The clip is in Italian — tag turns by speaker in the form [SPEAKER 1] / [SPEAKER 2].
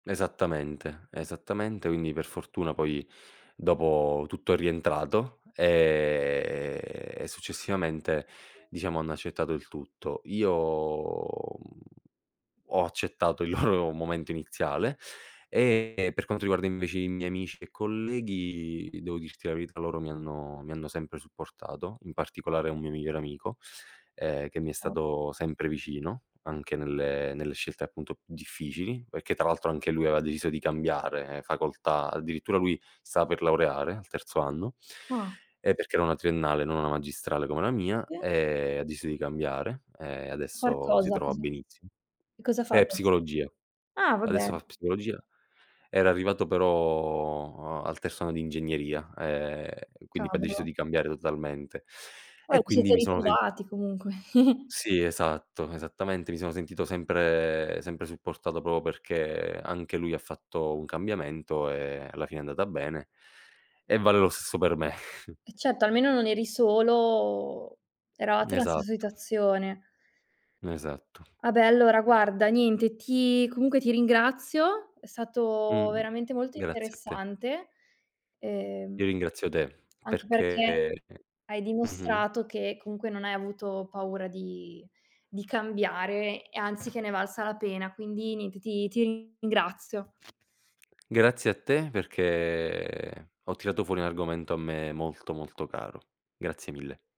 [SPEAKER 1] Esattamente, esattamente quindi per fortuna poi dopo tutto è rientrato e successivamente, diciamo, hanno accettato il tutto. Io uhm, ho accettato il loro momento iniziale e per quanto riguarda invece i miei amici e colleghi, devo dirti la verità, loro mi hanno mi hanno sempre supportato, in particolare un mio migliore amico, ehm, che mi è stato sempre vicino anche nelle nelle scelte appunto difficili, perché tra l'altro anche lui aveva deciso di cambiare facoltà, addirittura lui stava per laureare al terzo anno
[SPEAKER 2] Ah.
[SPEAKER 1] e perché era una triennale, non una magistrale come la mia
[SPEAKER 2] E?
[SPEAKER 1] e ha deciso di cambiare e
[SPEAKER 2] Far
[SPEAKER 1] adesso si
[SPEAKER 2] cosa?
[SPEAKER 1] trova
[SPEAKER 2] Cosa
[SPEAKER 1] benissimo.
[SPEAKER 2] che cosa fa
[SPEAKER 1] È
[SPEAKER 2] adess
[SPEAKER 1] psicologia,
[SPEAKER 2] Ah! Vabbè.
[SPEAKER 1] adesso fa psicologia, era arrivato però a al terzo anno di ingegneria e quindi poi ha deciso
[SPEAKER 2] Cavolo.
[SPEAKER 1] di cambiare totalmente
[SPEAKER 2] Poi
[SPEAKER 1] e
[SPEAKER 2] vi
[SPEAKER 1] quindi
[SPEAKER 2] siete
[SPEAKER 1] mi sono sen
[SPEAKER 2] ritrovati comunque.
[SPEAKER 1] Sì, esatto, esattamente. Mi sono sentito sempre sempre supportato proprio perché anche lui ha fatto un cambiamento e alla fine è andata bene e vale lo stesso per me.
[SPEAKER 2] Eh certo. Almeno non eri solo, eravate nella stessa
[SPEAKER 1] Esatto.
[SPEAKER 2] situazione.
[SPEAKER 1] Esatto.
[SPEAKER 2] Ah beh, allora, guarda, niente ti comunque ti ringrazio, è stato
[SPEAKER 1] Mh-mh.
[SPEAKER 2] veramente molto
[SPEAKER 1] Grazie a te.
[SPEAKER 2] interessante, ehm
[SPEAKER 1] Io ringrazio te
[SPEAKER 2] anche perché
[SPEAKER 1] perché
[SPEAKER 2] hai
[SPEAKER 1] mh-mh.
[SPEAKER 2] dimostrato che comunque non hai avuto paura di di cambiare e anzi che ne è valsa la pena. Quindi niente, ti ti ringrazio.
[SPEAKER 1] Grazie a te perché ho tirato fuori un argomento a me molto, molto caro. Grazie mille.